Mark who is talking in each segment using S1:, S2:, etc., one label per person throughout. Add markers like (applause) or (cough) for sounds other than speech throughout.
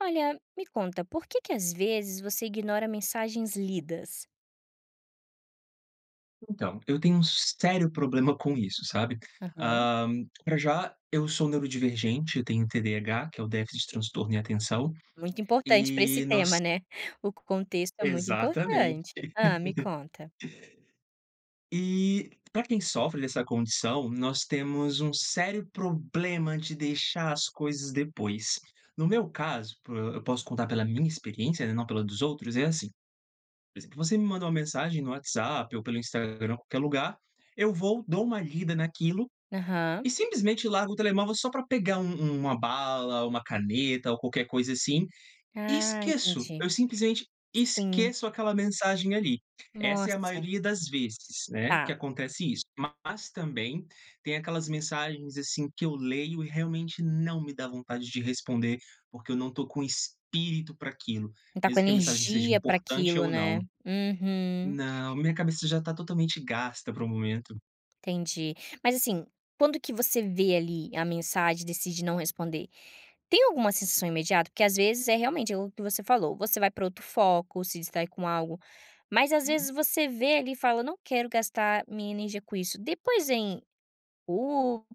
S1: Olha, me conta, por que que às vezes você ignora mensagens lidas?
S2: Então, eu tenho um sério problema com isso, sabe.
S1: Aham.
S2: Hã, pra já eu sou neurodivergente, eu tenho TDH, que é o déficit de transtorno e atenção,
S1: Muito importante pra esse
S2: eh,
S1: tema
S2: nós
S1: né. O con contexto é muito
S2: Exatamente.
S1: importante. Hã me
S2: (laughs)
S1: conta.
S2: Eh, pra quem sofre dessa condição, nós temos um sério problema de deixar as coisas depois. No meu caso, por eu posso contar pela minha experiência, na não pela dos outros, é assim. Por exemplo, você me mandou uma mensagem no WhatsApp ou pelo Instagram, qualquer lugar, eu vou dou uma lida naquilo
S1: Aham.
S2: e simplesmente largo o telemóvel só pra pegar um um uma bala, uma caneta ou qualquer coisa assim e
S1: Ah,
S2: esqueço.
S1: entendi.
S2: Eu simplesmente
S1: Sim.
S2: esqueço aquela mensagem, ali. Essa é a
S1: Nossa!
S2: maioria das vezes, né, que
S1: Tá.
S2: acontece isso. Mas, também tem aquelas mensagens, assim, que eu leio e realmente não me dá vontade de responder, porque eu não tô com espírito pra aquilo,
S1: Não tá com
S2: mesmo que a mensagem seja
S1: energia pra
S2: importante
S1: aquilo,
S2: ou
S1: né.
S2: não
S1: Uhum.
S2: Não, minha cabeça já tá totalmente gasta para o momento.
S1: Entendi, mas assim, quando que você vê, ali, a mensagem e decide não responder. Tem alguma sensação imediata? Porque às vezes, é realmente é o que você falou, você vai pra outro foco, se distrai com algo, mas às
S2: Hum.
S1: vezes você vê, ali, e fala eu não quero gastar minha energia com isso. Depois vem culpa,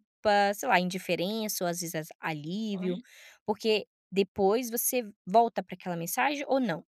S1: sei lá, indiferença ou às vezes as alívio,
S2: (unintelligible)
S1: porque depois você volta pra aquela mensagem ou não?